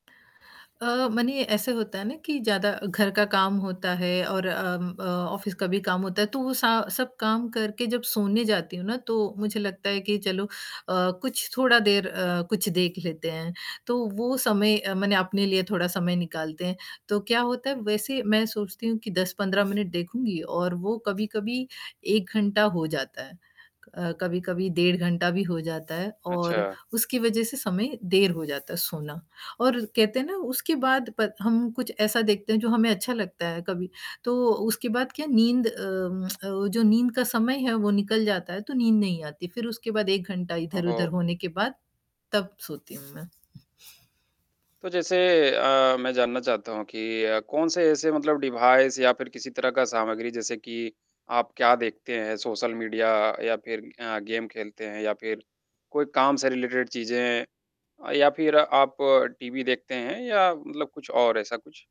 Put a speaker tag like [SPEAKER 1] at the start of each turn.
[SPEAKER 1] अ, मने ऐसे होता है ना कि ज़्यादा घर का काम होता है और अम अ, ऑफिस का भी काम होता है, तो वो स सब काम करके जब सोने जाती हूँ ना तो मुझे लगता है कि चलो अ, कुछ थोड़ा देर अ, कुछ देख लेते हैं, तो वो समय मने अपने लिए थोड़ा समय निकालते हैं, तो क्या होता है वैसे मैं सोचती हूँ कि 10-15 मिनट देखूँगी और वो कभी-कभी 1 घंटा हो जाता है, कभी-कभी डेढ़ घंटा भी हो जाता है और
[SPEAKER 2] अच्छा।
[SPEAKER 1] उसकी वजह से समय देर हो जाता है सोना और कहते हैं ना उसके बाद पत हम कुछ ऐसा देखते हैं, जो हमें अच्छा लगता है कभी तो उसके बाद क्या नींद अम, वो जो नींद का समय है, वो निकल जाता है, तो नींद नहीं आती फिर उसके बाद 1 घंटा इधर-उधर
[SPEAKER 2] ओहो!
[SPEAKER 1] होने के बाद तब सोती हूँ मैं।
[SPEAKER 2] तो जैसे अ, मैं जानना चाहता हूँ कि अ, कौन से ऐसे मतलब डिवाइस या फिर किसी तरह का सामग्री जैसे कि आप क्या देखते हैं सोशल मीडिया या फिर अ, गेम खेलते हैं या फिर कोई काम से रिलेटेड चीज़ें या फिर आप टीवी देखते हैं या मतलब कुछ और ऐसा कुछ?